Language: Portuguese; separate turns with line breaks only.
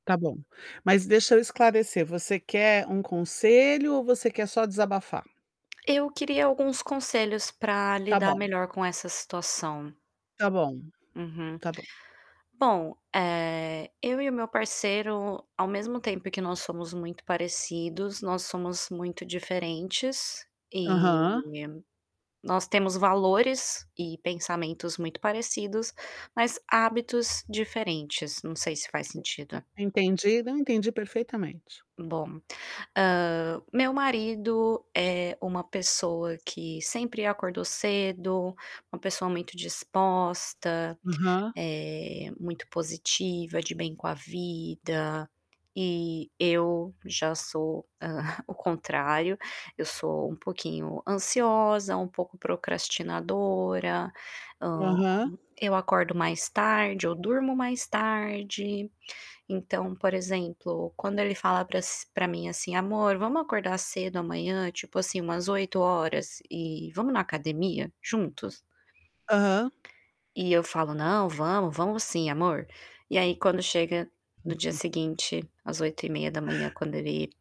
Tá bom. Mas deixa eu esclarecer, você quer um conselho ou você quer só desabafar?
Eu queria alguns conselhos para
Tá
lidar
bom.
melhor com essa situação.
Tá bom,
Uhum.
tá bom.
Bom, eh, eu e o meu parceiro, ao mesmo tempo que nós somos muito parecidos, nós somos muito diferentes. E
Aham.
nós temos valores e pensamentos muito parecidos, mas hábitos diferentes, não sei se faz sentido.
Entendi. Não, entendi perfeitamente.
Bom, hã meu marido é uma pessoa que sempre acordou cedo, uma pessoa muito disposta,
Aham.
eh, muito positiva, de bem com a vida, e eu já sou, hã, o contrário, eu sou um pouquinho ansiosa, um pouco procrastinadora, hã,
Aham.
eu acordo mais tarde, eu durmo mais tarde, então, por exemplo, quando ele fala para as pra mim, assim: "Amor, vamos acordar cedo amanhã, tipo assim, umas 8h e vamos na academia juntos?"
Aham.
E eu falo: "Não, vamos. Vamos sim, amor". E aí, quando chega no dia seguinte, às 8h30, quando ele